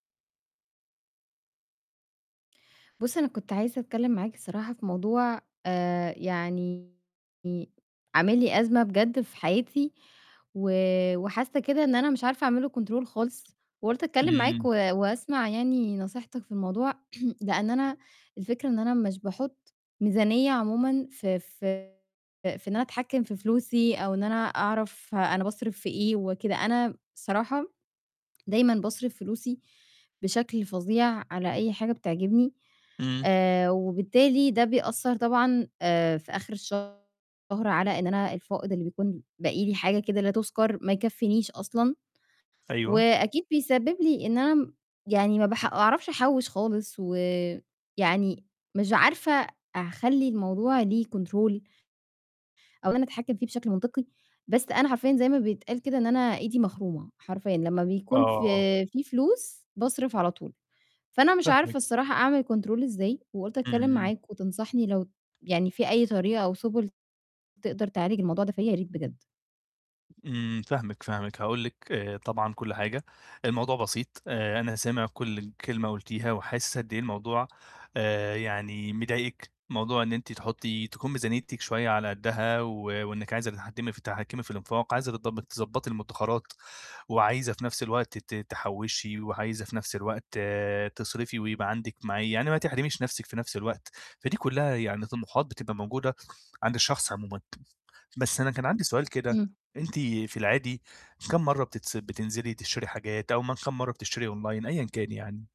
بُص، أنا كنت عايزة أتكلم معاك الصراحة في موضوع، آآ يعني عامل لي أزمة بجد في حياتي و وحاسّة كده إن أنا مش عارفة أعمل له control خالص، وقُلت أتكلم معاك و إمم. واسمع يعني نصيحتك في الموضوع، لإن أنا الفكرة إن أنا مش باحط ميزانية عمومًا في في في إن أنا أتحكّم في فلوسي أو إن أنا أعرف أنا باصرف في إيه وكده، أنا الصراحة دايمًا باصرف فلوسي بشكل فظيع على أي حاجة بتعجبني، إمم. آآ وبالتالي ده بيأثّر طبعًا آآ في آخر الشهر على إن أنا الفائض اللي بيكون باقي لي، حاجة كده لا تُذكّر، ما يكفّينيش أصلًا، أيوه. وأكيد بيسبب لي إن أنا م يعني ما بح أعرفش أحوّش خالص، ويعني مش عارفة أع خلّي الموضوع ليه control أو إن أنا أتحكم فيه بشكل منطقي، بس أنا حرفيًا زي ما بيتقال كده إن أنا إيدي مخرومة حرفيًا، لمّا بيكون ف آه. في فلوس باصرف على طول، فأنا مش عارفة فاهمِك. الصراحة أعمل control ازاي؟ وقُلت أتكلم إمم. معاك وتنصحني لو يعني في أي طريقة أو سُبل تقدر تعالج الموضوع ده فيَّ، يا ريت بجد؟ إمم، فاهمِك، فاهمِك، هاقول لِك، آآ، طبعًا كل حاجة، الموضوع بسيط، آآ، أنا سامع كل ال كلمة قُلتيها وحاسِس قد إيه الموضوع، آآ، يعني مضايقِك، موضوع إن أنتِ تحطّي تكون ميزانيتِك شوية على قدها و وإنِك عايزة تتحكمي ف تتحكمي في الإنفاق، عايزة تض تضبطي المُدخرَّات، وعايزة في نفس الوقت ت تحوّشي وعايزة في نفس الوقت تصرفي ويبقى عندِك معي يعني ما تحرميش نَفْسِك في نفس الوقت، فدي كُلّها يعني طموحات بتبقى موجودة عند الشخص عمومًا بس أنا كان عندي سؤال كده، إمم. أنتِ في العادي كام مَرّة بتص بتنزلي تشتري حاجات، أو م كام مَرّة بتشتري online أيًا كان يعني؟